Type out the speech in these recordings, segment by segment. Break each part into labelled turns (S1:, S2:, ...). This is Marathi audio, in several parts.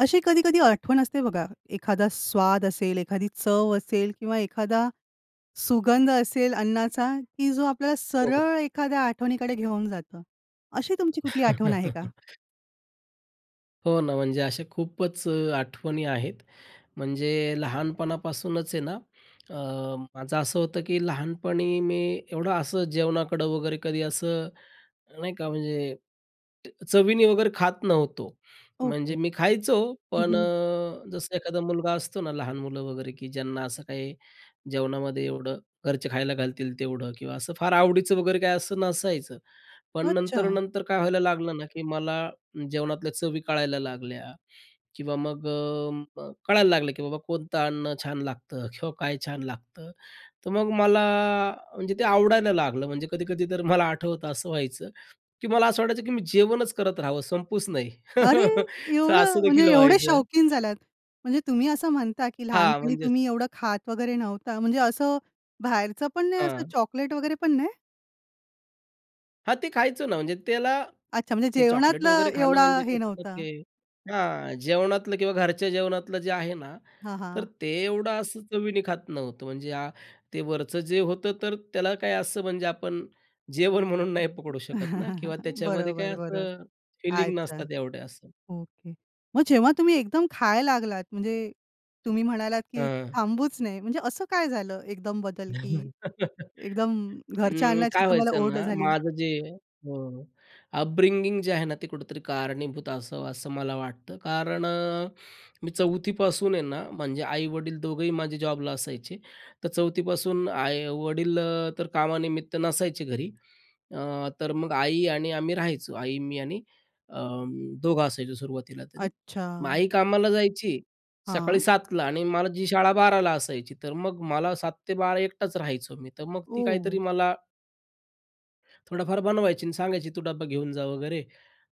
S1: अशी कधी-कधी आठवण असते बघा, एखादा स्वाद असेल, एखादी चव असेल किंवा एखादा सुगंध असेल अन्नाचा, की जो आपल्याला
S2: हो.
S1: सरळ एखाद्या आठवणीकडे घेऊन जातं. अशी तुमची कुठली आठवण आहे का?
S2: हो ना, म्हणजे अशा खूपच आठवणी आहेत. म्हणजे लहानपणापासूनच आहे ना, अ, माझं असं होतं, की लहानपणी मी एवढं असं जेवणाकडं वगैरे कधी असं, नाही का म्हणजे ट चवीने वगैरे खात नव्हतो.
S1: ओके.
S2: म्हणजे मी खायचो,
S1: हं,
S2: पण
S1: हं.
S2: अ, जसं एखादा मुलगा असतो ना, लहान मुलं वगैरे, की ज्यांना असं काही जेवणामध्ये एवढं घरचे खायला घालतील तेवढं किंवा असं फार आवडीचं वगैरे काही असं नसायचं. पण
S1: अच्छा!
S2: नंतर-नंतर काय व्हायला लागलं ना, की मला जेवणातल्या चवी कळायला लागल्या, किंवा मग अ म कळायला लागलं की बाबा, कोणतं अन्न छान लागतं, किंवा काय छान लागतं. तर मग मला, म्हणजे ते आवडायला लागलं. म्हणजे कधी-कधी तर मला आठवतं, असं व्हायचं, की मला असं वाटायचं की मी जेवणच करत राहावं, संपूच नाही.
S1: अरे!
S2: तर असं
S1: एवढं?
S2: देखील
S1: म्हणजे एवढे
S2: व्हायचं.
S1: शौकीन झाल्यात. म्हणजे तुम्ही असं म्हणता, की
S2: हां,
S1: लहानपणी
S2: म्हणजे
S1: तुम्ही एवढं खात वगैरे नव्हता म्हणजे असं बाहेरचं पण नाही असं
S2: हां.
S1: चॉकलेट वगैरे पण नाही?
S2: हां, ते खायचं ना म्हणजे त्याला
S1: अच्छा, म्हणजे
S2: ते चॉकलेट
S1: जेवणातलं
S2: वगैरे खाणं
S1: एवढा
S2: म्हणजे
S1: हे
S2: कसं न
S1: नव्हतं?
S2: ते हां, जेवणातलं किंवा घरच्या जेवणातलं जे आहे ना,
S1: हां,
S2: तर
S1: हां.
S2: ते एवढं असं चवीने खात नव्हतो. म्हणजे ते वरचं जे होतं, तर त्याला काय असं, म्हणजे आपण जेवण म्हणून नाही पकडू शकत ना किंवा त्याच्यामध्ये काय
S1: बरोबर, बरोबर.
S2: असं फीलिंग
S1: अच्छा.
S2: नसतात एवढं असं.
S1: ओके. मग जेव्हा तुम्ही एकदम खायला लागलात, म्हणजे तुम्ही म्हणालात की
S2: हां.
S1: थांबूच नये, म्हणजे असं काय झालं एकदम बदल की
S2: नाही.
S1: एकदम घरच्या
S2: अं,
S1: अन्नाची
S2: काय
S1: तुम्हाला
S2: व्हायचं
S1: ओढ
S2: ना,
S1: झाली?
S2: माझं जे अ, अपब्रिंगिंग जे आहे ना, ते कुठेतरी कारणीभूत असावं, असं मला वाटतं. कारण अ, मी 4थी पासून आहे ना, म्हणजे आई-वडील दोघंही माझे जॉबला असायचे तर 4थी पासून आई वडील तर कामानिमित्त नसायचे घरी. अ, तर मग आई आणि आम्ही राहायचो. आई मी आणि अ, दोघं असायचो सुरुवातीला तरी. मग
S1: अच्छा.
S2: आई कामाला जायची सकाळी
S1: हां.
S2: 7:00 ला आणि मला जी शाळा 12:00 ला असायची, तर मग मला 7:00-12:00 एकटाच राहायचो मी. तर मग ती काहीतरी
S1: ओह!
S2: मला थोडाफार बनवायची आणि सांगायची तू डब्बा घेऊन जा वगैरे.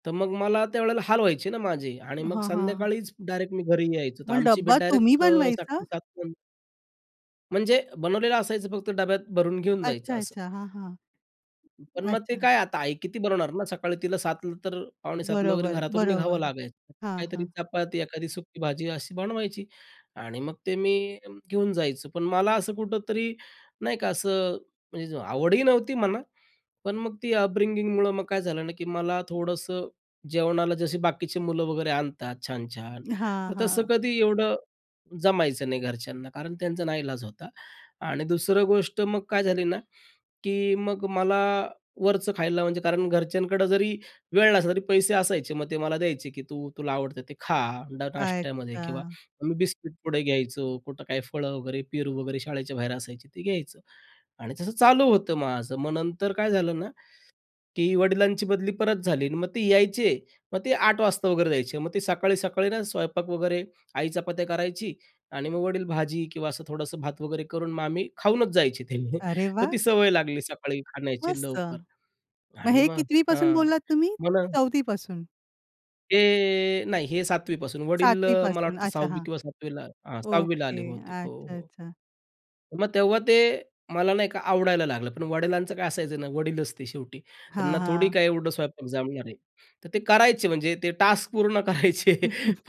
S2: तर मग मला त्यावेळेला हाल व्हायचे ना माझे आणि मग
S1: हां, हां.
S2: संध्याकाळीच डायरेक्ट मी घरी यायचो. तर
S1: मग
S2: आमची भेट
S1: डब्बा तुम्ही
S2: डायरेक्ट अ, 7:00
S1: बनवायचा?
S2: टू 7:00 नंतर म्हणजे बनवलेलं असायचं फक्त डब्यात भरून घेऊन जायचं
S1: अच्छा,
S2: असं.
S1: अच्छा हां, हां,
S2: पण मग ते
S1: अच्छा.
S2: काय आता आई किती बनवणार ना, सकाळी तिला 7 नंतर पावणेसातला वगैरे
S1: बरोबर,
S2: घरातून निघावं
S1: बरोबर.
S2: लागायचं,
S1: हां,
S2: काहीतरी
S1: हां.
S2: चपाती एखादी सुक्की भाजी अशी बनवायची आणि मग ते मी घेऊन जायचो. पण मला असं कुठेतरी नाही का असं म्हणजे आवडही नव्हती म्हणा, पण मग ती अपब्रिंगिंग मुळं मग काय झालं ना, की मला थोडंसं जेवणाला जसे बाकीचे मुलं वगैरे आणतात छान-छान
S1: हां,
S2: तर तसं
S1: हां.
S2: कधी एवढं जमायचं नाही घरच्यांना. कारण त्यांचा नाईलाज होता आणि दुसरं गोष्ट मग काय झाली ना, की मग मला वरचं खायला म्हणजे कारण घरच्यांकडं जरी वेळ नसला तरी, पैसे असायचे मग ते मला द्यायचे, की "तू तुला आवडतं ते खा [unintelligible] नाष्ट्यामध्ये" किंवा
S1: अच्छा.
S2: मी बिस्किट पुडे घ्यायचो. कुठं काही फळं वगैरे, पेरू वगैरे शाळेच्या बाहेर असायचे ते घ्यायचं आणि तसं चालू होतं माझं. मग नंतर काय झालं ना, की वडिलांची बदली परत झाली आणि मग ते यायचे, मग ते 8 वाजता वगैरे जायचे. मग ते सकाळी-सकाळी ना, स्वयंपाक वगैरे आई चपात्या करायची आणि मग वडील भाजी किंवा असं थोडंसं भात वगैरे करून मग आम्ही खाऊनच जायचे ते म्हणजे
S1: अरे
S2: तर ती
S1: वाह!
S2: सवय लागली सकाळी खाण्याची
S1: मस्त.
S2: लवकर
S1: मग
S2: आणि
S1: हे
S2: मग
S1: कितवीपासून
S2: हां,
S1: बोललात तुम्ही?
S2: मला
S1: 4थी पासून.
S2: ते नाही. हे, 7वी पासून. वडील
S1: 7वी
S2: मला
S1: पासून?
S2: वाटतं
S1: अच्छा
S2: 6वी
S1: हां.
S2: किंवा 7वी ला हं, 6वी ला आले
S1: ओके,
S2: होते ते. हो,
S1: अच्छा,
S2: हो.
S1: अच्छा.
S2: मग तेव्हा ते मला नाही का आवडायला लागलं पण वडिलांचं काय असायचं ना, वडील असते शेवटी
S1: हां,
S2: त्यांना थोडी
S1: हां.
S2: काय एवढं स्वयंपाक जमणार आहे? तर ते
S1: हं.
S2: करायचे म्हणजे ते टास्क पूर्ण करायचे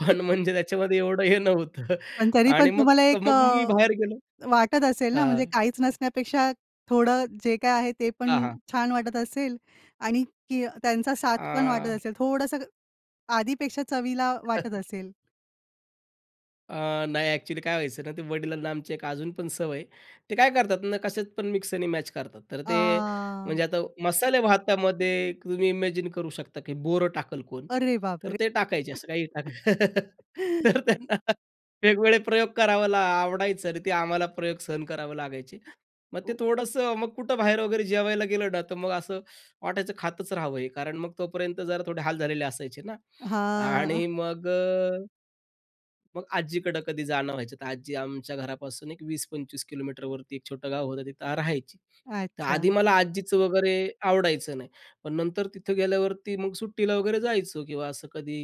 S2: पण म्हणजे त्याच्यामध्ये एवढं हे नव्हतं
S1: पण, तरी पण,
S2: आणि मग,
S1: तुम्हाला
S2: अ,
S1: एक
S2: मग मी
S1: अ,
S2: बाहेर गेलो
S1: वाटत असेल ना, म्हणजे
S2: हं.
S1: काहीच नसण्यापेक्षा थोडं जे काही आहे ते पण
S2: हां, हां.
S1: छान वाटत असेल आणि की त्यांचा साथ पण वाटत
S2: आह
S1: असेल. थोडंसं आधीपेक्षा चवीला वाटत असेल?
S2: अ, नाही एक्चुअली. काय व्हायचं ना, ते वडिलांना आमची एक अजून पण सवय आहे. ते काय करतात ना, कशात पण मिक्स आणि मॅच करतात. तर ते,
S1: आह!
S2: म्हणजे आता मसाले भातामध्ये
S1: [unintelligible]
S2: तुम्ही इमॅजिन करू शकता की बोरं टाकल कोण?
S1: अरे बाप
S2: तर
S1: रे!
S2: ते टाकायचे, असं काही टाकायचं तर त्यांना वेगवेगळे प्रयोग करावं ला आवडायचं आणि ते आम्हाला प्रयोग सहन करावं लागायचे. मग ते
S1: ओ
S2: थोडंसं मग कुठं बाहेर वगैरे जेवायला गेलं ना, तर मग असं वाटायचं खातच राहावं हे, कारण मग तोपर्यंत जरा थोडे हाल झालेले असायचे ना,
S1: हां.
S2: आणि मग अ, मग आज्जीकडं कधी जाणं व्हायचं. तर आजी आमच्या घरापासून एक 20-25 किलोमीटरवरती एक छोटं गाव होतं, तिथं राहायची. तर आधी
S1: अच्छा.
S2: मला आजीचं वगैरे आवडायचं नाही पण नंतर तिथं गेल्यावरती मग सुट्टीला वगैरे जायचो किंवा असं कधी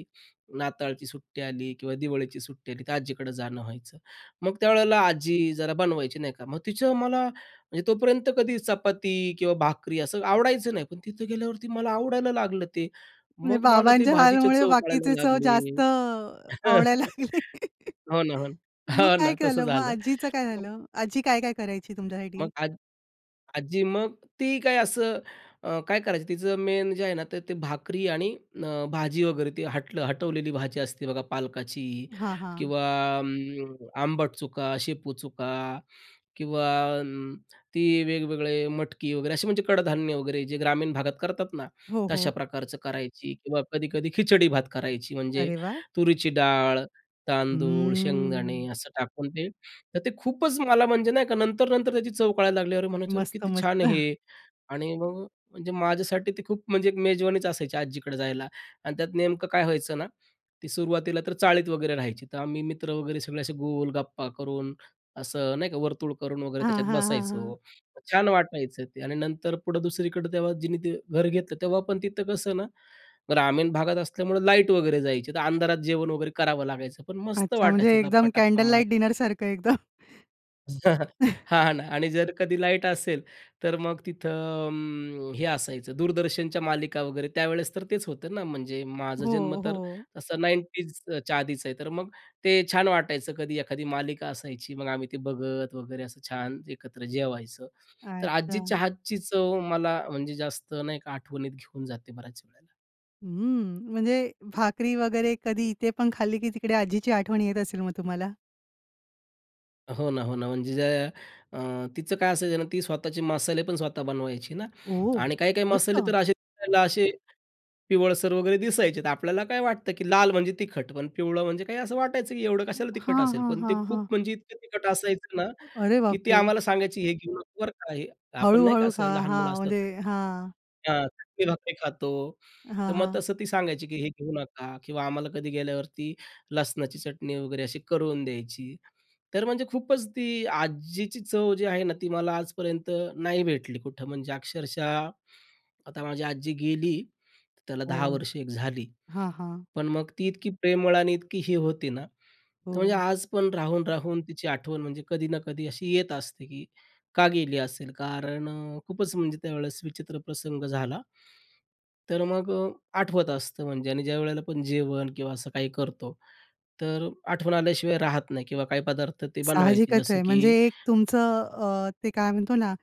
S2: नाताळची सुट्टी आली किंवा दिवाळीची सुट्टी आली, तर आज्जीकडं जाणं व्हायचं. मग त्यावेळेला आजी जरा बनवायची नाही का. मग तिचं मला म्हणजे तोपर्यंत कधी चपाती किंवा भाकरी असं आवडायचं नाही. पण तिथं गेल्यावरती मला आवडायला लागलं ते,
S1: म्हणजे
S2: मग मला ते
S1: बाबांच्या हाल
S2: भाजीच्या
S1: मुळे
S2: चव कळायला
S1: बाकीचे चव
S2: लागले
S1: जास्त
S2: हं,
S1: अ, आवडायला लागले?
S2: हो ना, हो.
S1: मग
S2: हो
S1: काय
S2: ना, तसं
S1: केलं मग
S2: झालं.
S1: आजीचं काय
S2: [unintelligible]
S1: झालं? आजी काय-काय करायची तुमच्या साठी?
S2: मग आज आज्जी मग ती काय असं अ, काय करायचं तिचं मेन जे आहे ना ते ते भाकरी आणि अ, भाजी वगैरे ती हटलं हटवलेली भाजी असते बघा, पालकाची
S1: हां, हां.
S2: किंवा अं, आंबट चुका, शेपू चुका किंवा अं, ती वेगवेगळे मटकी वगैरे असे म्हणजे कडधान्य वगैरे, जे ग्रामीण भागात करतात ना,
S1: हो,
S2: तशा
S1: हो.
S2: प्रकारचं करायची किंवा कधी-कधी खिचडी भात करायची, म्हणजे
S1: अरे वाह!
S2: तुरीची डाळ तांदूळ, शेंगदाणे
S1: हम्म.
S2: असं टाकून, ते. तर ते खूपच मला म्हणजे नाही का नंतर-नंतर त्याची चव कळायला लागली. अरे म्हणायचे अरे
S1: मस्त,
S2: किती छान! आहे
S1: मस्त.
S2: हे आणि मग म्हणजे माझ्यासाठी ते खूप म्हणजे एक मेजवानीच असायची आज्जीकडे जायला अन् त्यात नेमकं काय व्हायचं ना, ती सुरुवातीला तर चाळीत वगैरे राहायची तर आम्ही मित्र वगैरे सगळे असे गोल गप्पा करून असं नाही का वर्तुळ करून वगैरे
S1: हां,
S2: त्याच्यात
S1: हां, हां, हां.
S2: बसायचो छान वाटायचं ते आणि नंतर पुढं दुसरीकडं तेव्हा जिनी ते घर घेतलं तेव्हा पण तिथं कसं ना, ग्रामीण भागात असल्यामुळे लाईट वगैरे जायची तर अंधारात जेवण वगैरे करावं लागायचं पण मस्त
S1: अच्छा म्हणजे
S2: वाटायचं
S1: एकदम
S2: गप्पा-टप्पा
S1: कॅन्डल
S2: मारत.
S1: लाइट डिनर सारखं एकदम?
S2: हां ना आणि जर कधी लाईट असेल तर मग तिथं अ, अं, हे असायचं दूरदर्शनच्या मालिका वगैरे, त्यावेळेस तर तेच होतं ना म्हणजे, माझा जन्म
S1: हो,
S2: तर
S1: हो.
S2: असा 90ज च्या आधीच आहे. तर मग ते छान वाटायचं कधी एखादी मालिका असायची, मग आम्ही ते बघत वगैरे असं छान एकत्र जेवायचं. तर आजी
S1: अच्छा.
S2: चहाची चव मला म्हणजे जास्त नाही का आठवणीत घेऊन जाते, बऱ्याच वेळेला.
S1: हम्म. म्हणजे भाकरी वगैरे कधी इथे पण खाल्ली, की तिकडे आजीची आठवण येत असेल मग तुम्हाला?
S2: हो ना, हो ना. म्हणजे ज्या अ, तिचं काय असायचं ना, ती स्वतःचे मसाले पण स्वतः बनवायची ना
S1: ओह!
S2: आणि काही-काही मसाले तर
S1: मस्त!
S2: असे दिसायला असे पिवळसर वगैरे दिसायचे, तर आपल्याला काय वाटतं, की लाल म्हणजे तिखट पण पिवळं म्हणजे काही असं वाटायचं, की एवढं
S1: अ,
S2: कशाला तिखट
S1: हां,
S2: असेल.
S1: हां,
S2: पण ते
S1: हां, हां.
S2: खूप म्हणजे इतकं तिखट असायचं ना,
S1: अरे
S2: की ती
S1: बापरे!
S2: आम्हाला सांगायची, "हे घेऊ नका बरं का हे."
S1: हळू,
S2: आपण नाही का
S1: हळू.
S2: असं
S1: हां,
S2: लहान
S1: हां.
S2: मुलं असल्यावर
S1: म्हणजे
S2: चटणी,
S1: हां.
S2: त्या भाकर चटणी भाकरी खातो,
S1: हां,
S2: तर मग
S1: हां.
S2: तसं ती सांगायची, की "हे घेऊ नका" किंवा आम्हाला कधी गेल्यावर ती लसणाची चटणी वगैरे अशी करून द्यायची. तर म्हणजे खूपच ती आज्जीची चव जी आहे ना, ती मला आजपर्यंत नाही भेटली कुठं म्हणजे अक्षरशः आता माझी आजी गेली. त्याला 10
S1: हो.
S2: वर्ष एक झाली,
S1: हां, हां.
S2: पण मग ती इतकी प्रेमळ आणि इतकी ही होती ना, तो या
S1: हो.
S2: आज पण राहून, राहून तिची आठवण म्हणजे कधी ना कधी अशी येत असते, की का गेली असेल? कारण अ, खूपच म्हणजे त्यावेळेस विचित्र प्रसंग झाला. तर मग अ, आठवत असतं म्हणजे आणि ज्यावेळेला पण जेवण किंवा असं काही करतो, तर आठवण आल्याशिवाय राहत नाही किंवा काही पदार्थ ते बनवायची.
S1: साहजिकच
S2: जसं
S1: आहे. म्हणजे
S2: की
S1: एक तुमचं अ, ते काय म्हणतो ना,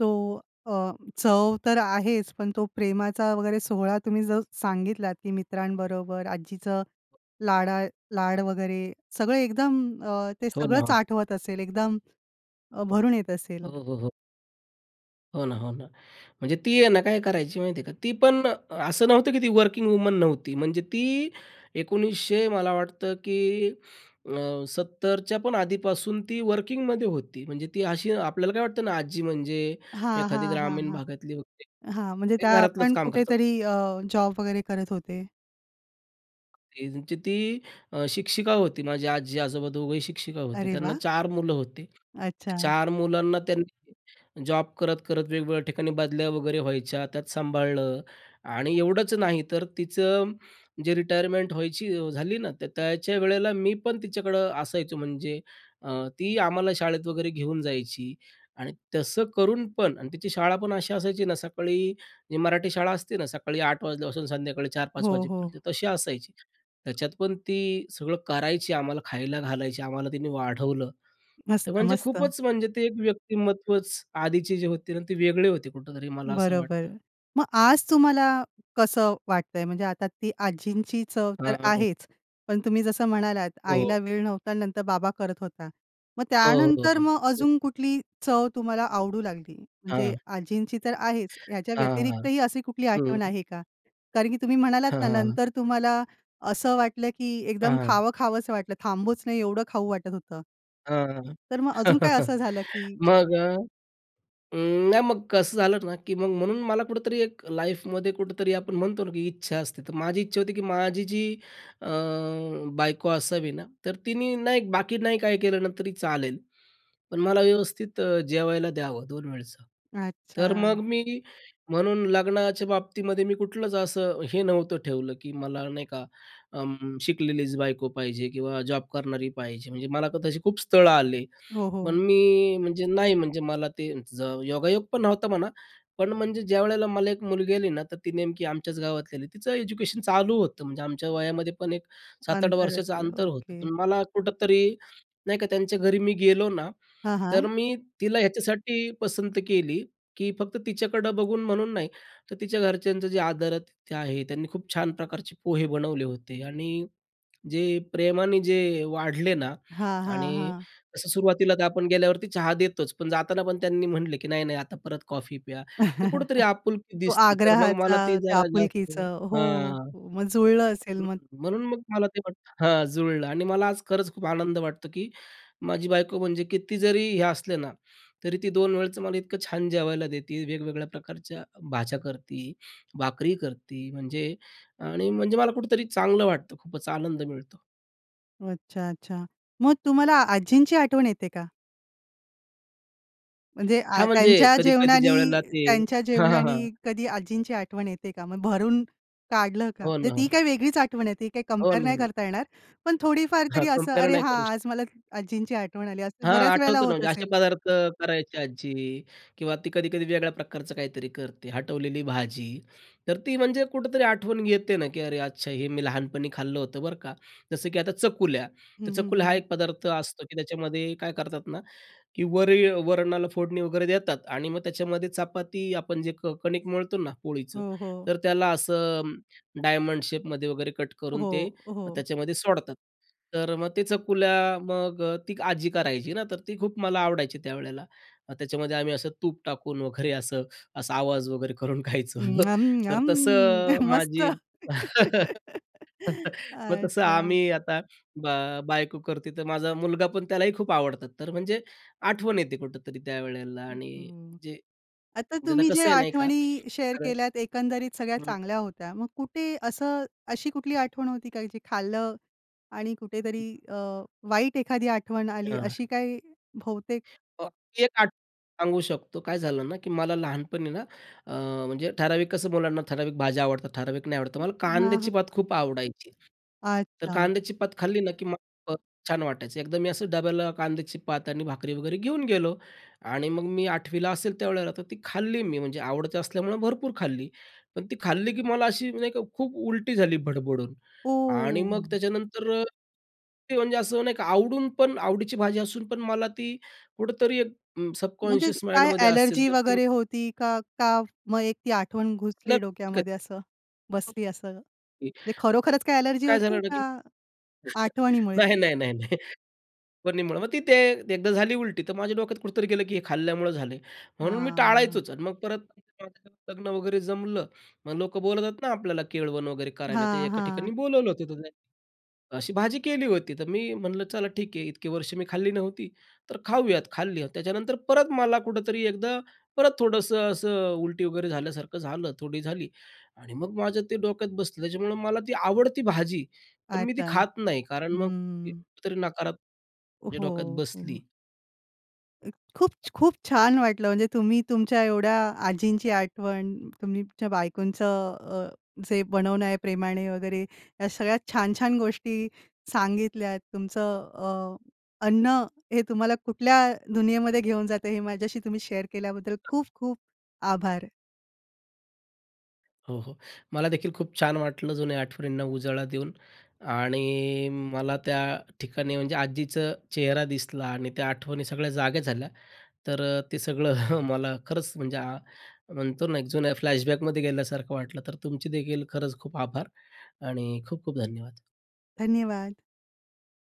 S1: तो अ, चव तर आहेच पण तो प्रेमाचा वगैरे सोहळा तुम्ही जो सांगितलात, की मित्रांबरोबर आज्जीचं लाडा लाड वगैरे सगळं एकदम अ, ते
S2: हो
S1: सगळंच
S2: ना.
S1: आठवत असेल एकदम अ, भरून येत
S2: हो,
S1: असेल.
S2: हो, हो. हो ना, हो ना. म्हणजे ती आहे ना, काय करायची माहिती आहे का, ती पण असं नव्हतं, की ती वर्किंग वुमन नव्हती. म्हणजे ती 1900 मला वाटतं, की अ, 70च्या पण आधीपासून ती वर्किंगमध्ये होती. म्हणजे ती अशी आपल्याला काय वाटतं ना, आजी म्हणजे
S1: हां,
S2: एखादी
S1: हां, हां,
S2: ग्रामीण
S1: हां.
S2: भागातली वगैरे,
S1: हां. म्हणजे
S2: ते घरातलंच
S1: त्यापण
S2: काम करतात.
S1: कुठेतरी अ, जॉब वगैरे करत होते?
S2: त्यांची ती अ, शिक्षिका होती. माझी आजी-आजोबा दोघंही शिक्षिका होती.
S1: अरे
S2: त्यांना
S1: वाह!
S2: 4 मुलं होती.
S1: अच्छा.
S2: 4 मुलांना त्यांनी जॉब करत, करत वेगवेगळ्या ठिकाणी बदल्या वगैरे व्हायच्या, त्यात सांभाळलं. आणि एवढंच नाही तर तिचं जे रिटायरमेंट व्हायची झाली ना, तर त्याच्या वेळेला, मी पण तिच्याकडं असायचो. म्हणजे अ, ती आम्हाला शाळेत वगैरे घेऊन जायची आणि तसं करूनपण आणि तिची शाळापण अशी असायची ना, सकाळी जी मराठी शाळा असते ना, सकाळी 8 वाजल्यापासून संध्याकाळी 4-5
S1: हो, हो.
S2: वाजेपर्यंत तशी असायची. त्याच्यात पण ती सगळं करायची, आम्हाला खायला घालायची. आम्हाला तिने वाढवलं.
S1: मस्त,
S2: तर म्हणजे
S1: मस्त.
S2: खूपच म्हणजे, ते एक व्यक्तिमत्त्वच आधीचे जे होते ना, ते वेगळे होते. कुठेतरी मला असं वाटतं.
S1: बरोबर. मग आज तुम्हाला कसं वाटतंय? म्हणजे आता ती आजींची चव तर
S2: हां, हां, हां.
S1: आहेच, पण तुम्ही जसं म्हणालात,
S2: हो,
S1: आईला
S2: हो.
S1: वेळ नव्हता आणि नंतर बाबा करत होता. मग
S2: हो, हो,
S1: त्यानंतर
S2: हो.
S1: मग
S2: हं.
S1: अजून कुठली चव तुम्हाला आवडू लागली? म्हणजे
S2: हां.
S1: आजींची तर आहेच, याच्या
S2: हां, हां.
S1: व्यतिरिक्तही अशी कुठली
S2: हं,
S1: आठवण
S2: हं.
S1: आहे का? कारण की तुम्ही म्हणालात
S2: हां,
S1: ना,
S2: हां, हां.
S1: नंतर तुम्हाला असं वाटलं, की
S2: आ,
S1: एकदम
S2: हां.
S1: खावं खावंसं वाटलं, थांबूच नाही एवढं खाऊ वाटत होतं.
S2: अ,
S1: तर मग अजून काय असं झालं की
S2: मग अ, अं, नाही मग कसं झालं ना, की मग म्हणून मला कुठेतरी एक लाईफ मध्ये कुठेतरी आपण म्हणतो ना, की इच्छा असते. तर माझी इच्छा होती की माझी जी अ, बायको असावी ना, तर तिने ना एक, बाकी नाही काही केलं ना तरी चालेल पण मला व्यवस्थित अ, जेवायला द्यावं 2 वेळचं. तर
S1: अच्छा.
S2: मग, मी म्हणून लग्नाच्या बाबतीमध्ये मी कुठलंच असं हे नव्हतं ठेवलं, की मला नाही का अं, शिकलेलीच बायको पाहिजे किंवा जॉब करणारी पाहिजे, म्हणजे मला तर तशी खूप स्थळं आली.
S1: हो,
S2: पण
S1: हो.
S2: मी म्हणजे नाही म्हणजे, मला ते ज योगायोग पण नव्हता म्हणा. पण म्हणजे ज्यावेळेला मला एक मुलगी आली ना, तर ती नेमकी आमच्याच गावातली आली. तिचं एज्युकेशन चालू होतं. म्हणजे आमच्या वयामध्ये पण एक 7-8
S1: अंतर
S2: वर्षाचं
S1: असेल,
S2: अंतर होतं.
S1: ओके.
S2: पण मला कुठं तरी नाही का, त्यांच्या घरी मी गेलो ना,
S1: हां,
S2: तर
S1: हां.
S2: मी तिला ह्याच्यासाठी पसंत केली, की फक्त तिच्याकडं बघून म्हणून नाही, तर तिच्या घरच्यांचं जे आदरातिथ्य आहे. त्यांनी खूप छान प्रकारचे पोहे बनवले होते आणि जे प्रेमाने जे वाढले ना
S1: हां, हां,
S2: आणि
S1: हां.
S2: तसं सुरुवातीला तर आपण गेल्यावरती चहा देतोच, पण जाताना पण त्यांनी म्हटले, की नाही, नाही आता परत कॉफी प्या. तर कुठेतरी आपुलकी
S1: तो
S2: दिसते. तर मग मला
S1: आग्रहाचा,
S2: ते
S1: त्या
S2: जरा जास्त
S1: आपुलकीचा हो,
S2: हां.
S1: मग जुळलं असेल
S2: हं,
S1: मग?
S2: म्हणून मग मला ते वाटतं हां, जुळलं आणि मला आज खरंच खूप आनंद वाटतो, की माझी बायको म्हणजे किती जरी हे असले ना, तरी ती 2 वेळचं मला इतकं छान जेवायला देते, वेगवेगळ्या प्रकारच्या भाज्या करती, भाकरी करती म्हणजे आणि म्हणजे मला कुठेतरी चांगलं वाटतं. खूपच आनंद मिळतो.
S1: अच्छा, अच्छा. मग तुम्हाला आजींची आठवण येते का? म्हणजे आ
S2: हां, म्हणजे
S1: त्यांच्या
S2: कधी-कधी ज्यावेळेला
S1: जेवणानी
S2: ते
S1: त्यांच्या
S2: हां, हां, हां.
S1: जेवणानी कधी आजींची आठवण येते का? मग भरून काढलं का?
S2: हो
S1: म्हणजे
S2: ना, हो
S1: ती
S2: ना.
S1: काही वेगळीच आठवण आहे, ती काही
S2: हो
S1: कंपेअर
S2: ना,
S1: नाही
S2: हो ना.
S1: करता येणार पण थोडीफार
S2: हां,
S1: तरी असं,
S2: कम्पेअर
S1: अरे
S2: नाही
S1: हा
S2: करू शकत.
S1: आज मला आजींची आठवण आली, असं
S2: हां,
S1: बऱ्याच वेळेला
S2: आठवतं ना.
S1: होत
S2: म्हणजे असे
S1: असेल?
S2: पदार्थ करायची आज्जी किंवा ती कधी-कधी वेगळ्या प्रकारचं काहीतरी करते. हटवलेली भाजी तर ती म्हणजे कुठेतरी आठवण येते ना, की अरे अच्छा हे मी लहानपणी खाल्लं होतं बरं का. जसं की आता चकुल्या
S1: हं,
S2: तर
S1: हं,
S2: चकुल्या हा
S1: हं.
S2: एक पदार्थ असतो, की त्याच्यामध्ये काय करतात ना, की वरी वरणाला फोडणी वगैरे देतात आणि मग त्याच्यामध्ये चपाती आपण जे क कणिक मळतो ना पोळीचं
S1: हो, हो.
S2: तर त्याला असं डायमंड शेपमध्ये वगैरे कट करून ते
S1: हो, हो.
S2: त्याच्यामध्ये सोडतात. तर मग ते चकुल्या मग अ, ती आज्जी करायची ना तर ती खूप मला आवडायची त्यावेळेला. त्याच्यामध्ये आम्ही असं तूप टाकून वगैरे असं असा आवाज वगैरे करून
S1: अं,
S2: खायचं.
S1: यम,
S2: तर
S1: यम
S2: तसं अ,
S1: मस्त.
S2: माझी मग तसं
S1: अच्छा.
S2: आम्ही आता, ब बायको करते तर माझा मुलगा पण त्यालाही खूप आवडतात तर म्हणजे आठवण येते कुठेतरी त्यावेळेला
S1: हं,
S2: आणि
S1: हं,
S2: जे
S1: आता
S2: म्हणजे आता
S1: तुम्ही
S2: कसं
S1: ज्या
S2: आहे नाही का
S1: आठवणी शेअर
S2: तर
S1: केल्यात एकंदरीत सगळ्या चांगल्या होत्या. मग कुठे असं अशी कुठली आठवण होती का? जी खाल्लं आणि कुठेतरी अ, वाईट एखादी आठवण आली
S2: हां,
S1: अशी
S2: हां.
S1: काही बहुतेक
S2: आणखीन एक आठवण सांगू शकतो, काय झालं ना, की मला लहानपणी ना, अ, म्हणजे ठराविक कसं मुलांना ठराविक भाज्या आवडतात, ठराविक नाही आवडतं. मला
S1: हां,
S2: कांद्याची
S1: हां.
S2: पात खूप आवडायची. तर
S1: अच्छा.
S2: कांद्याची पात खाल्ली ना, की मला छान वाटायचं एकदा मी असं डब्याला कांद्याची पात आणि भाकरी वगैरे घेऊन गेलो आणि मग मी 8वीला ला असेल त्यावेळेला तर ती खाल्ली मी म्हणजे आवडत असल्यामुळं भरपूर खाल्ली. पण ती खाल्ली की मला अशी नाही का खूप उलटी झाली भडभडून आणि मग
S1: ओ!
S2: त्याच्यानंतर ते म्हणजे असं नाही की आवडून पण आवडीची भाजी असून पण मला ती कुठेतरी एक उम्म,
S1: म्हणजे
S2: सबकॉन्शस माइंड
S1: काय
S2: मध्ये असेल.
S1: अ‍ॅलर्जी
S2: तर ती
S1: वगैरे होती का? का मग एक ती आठवण घुसली
S2: [unintelligible]
S1: डोक्यामध्ये असं? बसली असं. म्हणजे
S2: [unintelligible]
S1: खरोखरच काही अ‍ॅलर्जी
S2: काय
S1: होती
S2: झालं ना, की
S1: का आठवणीमुळे?
S2: नाही, नाही, नाही, नाही. पण मग तिथे एकदा झाली उलटी तर माझ्या डोक्यात कुठेतरी गेलं, की हे खाल्ल्यामुळं झाली म्हणून मी
S1: हां.
S2: टाळायचोच आणि मग परत [unintelligible] लग्न वगैरे जमलं मग लोकं बोलत आहेत ना, आपल्याला केळवण वगैरे करायला. तर
S1: हां,
S2: एका
S1: हां.
S2: ठिकाणी बोलावलं होत, [unintelligible] अशी भाजी केली होती तर मी म्हणलं चला ठीक आहे इतके वर्ष मी खाल्ली नव्हती तर खाऊयात, खाल्ली त्याच्यानंतर परत मला कुठेतरी एकदा परत थोडंसं असं उलटी वगैरे झाल्यासारखं झालं थोडी झाली आणि मग माझं ते डोक्यात बसलं त्याच्यामुळं मला ती आवडती भाजी, पण मी ती
S1: अच्छा,
S2: खात नाही कारण मग
S1: हं.
S2: कुठेतरी नकारात ते डोक्यात
S1: हो, हं.
S2: बसली.
S1: अ, खूप खूप छान वाटलं. म्हणजे तुम्ही तुमच्या एवढ्या आजींची आठवण तुम्ही तुमच्या बायकोंचं अ, जे बनवणं आहे प्रेमाने वगैरे ह्या सगळ्यात छान-छान गोष्टी सांगितल्यात. तुमचं अ, अन्न हे तुम्हाला कुठल्या दुनियेमध्ये घेऊन जातं हे माझ्याशी तुम्ही शेअर केल्याबद्दल खूप-खूप आभार.
S2: हो, हो. मलादेखील खूप छान वाटलं जुन्या आठवणींना उजाळा देऊन आणि मला त्या ठिकाणी म्हणजे आजीचा चेहरा दिसला आणि त्या आठवणी सगळ्या जाग्या झाल्या. तर ते सगळं मला खरंच म्हणजे म्हणतो ना, एक अ, जुन्या फ्लॅशबॅक मध्ये गेल्यासारखं वाटलं. तर तुमचे देखील खरंच खूप आभार आणि खूप-खूप धन्यवाद.
S1: धन्यवाद.